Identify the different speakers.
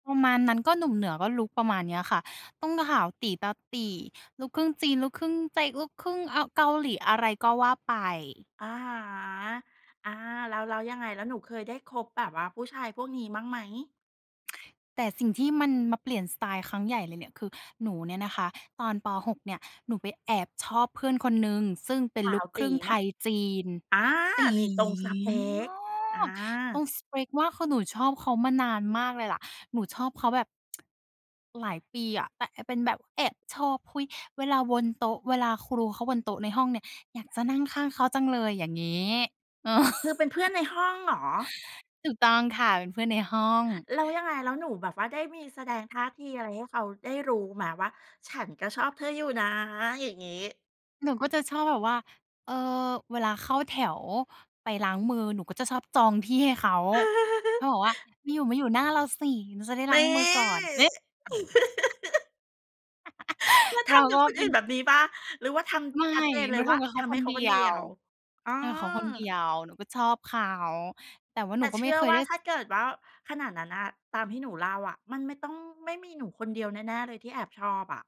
Speaker 1: ประมาณนั้น ก็หนุ่มเหนือก็ลุกประมาณเนี้ยค่ะ ต้องขาวตี๋ ตาตี่ ลูกครึ่งจีน ลุกครึ่งใจ ลูกครึ่งเอา เกาหลี อะไรก็ว่าไป
Speaker 2: อะฮะ อา แล้ว แล้วยังไง แล้วหนูเคยได้คบแบบว่าผู้ชายพวกนี้บ้างไหม?
Speaker 1: แต่สิ่งที่มันมาเปลี่ยนสไตล์ครั้งใหญ่เลยเนี่ย คือหนูเนี่ยนะคะ ตอน ป. 6 เนี่ย หนูไปแอบชอบเพื่อนคนหนึ่ง ซึ่งเป็น
Speaker 2: ขา
Speaker 1: ลู
Speaker 2: ว
Speaker 1: กค
Speaker 2: ต
Speaker 1: รึ่
Speaker 2: ี๋
Speaker 1: งไ
Speaker 2: ไ
Speaker 1: ท
Speaker 2: หม?
Speaker 1: ยจีน
Speaker 2: อา
Speaker 1: ตี๋
Speaker 2: นี่ตรงสเป
Speaker 1: ม
Speaker 2: ก อ
Speaker 1: าก ตร
Speaker 2: า
Speaker 1: งสเปกมาก คือหนูชอบเขามานานมากเลยแหละ หนูชอบเขาแบบ หลายปีอะ แต่ อ เป็นแบบแอบชอบ เฮ้ย เวลาวนโต๊ะ เวลาครู รู เขาวนโต๊ะในห้องเนี่ยอยากจะนั่งข้างเขาจังเลย อย่างงี้ เออ
Speaker 2: คือเป็นเพื่อนในห้องเหรอ?
Speaker 1: ถูกต้องค่ะ เป็นเพื่อนในห้อง
Speaker 2: แล้วยังไง แล้วหนูแบบว่าได้มีแสดงท่าทีอะไรให้เขาได้รู้ไหม? ว่าฉันก็ชอบเธออยู่นะ อย่างงี้
Speaker 1: หนูก็จะชอบแบบว่า เอ่อ เวลาเข้าแถวไปล้างมือ หนูก็จะชอบจองที่ให้เขา ก็บอกว่า "มาอยู่ มาอยู่หน้าเราสิ หนูจะได้ล
Speaker 2: น
Speaker 1: ้า
Speaker 2: ี
Speaker 1: ง
Speaker 2: ่
Speaker 1: มือก่อน" นี่
Speaker 2: แล้ว
Speaker 1: เ
Speaker 2: ท
Speaker 1: รา
Speaker 2: ำกั
Speaker 1: ก
Speaker 2: บ
Speaker 1: ็
Speaker 2: คน
Speaker 1: เป
Speaker 2: อ
Speaker 1: ็
Speaker 2: ื่
Speaker 1: น
Speaker 2: นแบบนี้เปล่า? หรือว่าท
Speaker 1: ไม่
Speaker 2: ำชัดเจนเ
Speaker 1: หน
Speaker 2: ล
Speaker 1: ู
Speaker 2: ย
Speaker 1: ท
Speaker 2: ว่า
Speaker 1: ำกับเข
Speaker 2: ท
Speaker 1: า
Speaker 2: ำ
Speaker 1: ค
Speaker 2: ให้
Speaker 1: น
Speaker 2: เข
Speaker 1: เด
Speaker 2: า
Speaker 1: ี
Speaker 2: คน
Speaker 1: ย
Speaker 2: เดีย
Speaker 1: ว
Speaker 2: ว อ๋อ
Speaker 1: ทำกับเขาคนเดียว หนูก็ชอบเขา แต่ว่าห
Speaker 2: แ
Speaker 1: น
Speaker 2: ต
Speaker 1: ู
Speaker 2: ่
Speaker 1: ก็
Speaker 2: เช
Speaker 1: ไม่
Speaker 2: ื่อ
Speaker 1: เคย
Speaker 2: ว่
Speaker 1: ไ
Speaker 2: า
Speaker 1: ด้
Speaker 2: ถ
Speaker 1: ส
Speaker 2: ้าเกิดว่าขนาดนั้นน่ะ ตามที่หนูเล่าอะ มันไม่ต้อง ไม่มีหนูคนเดียวแน่ ๆ เลยที่แอบชอบอะ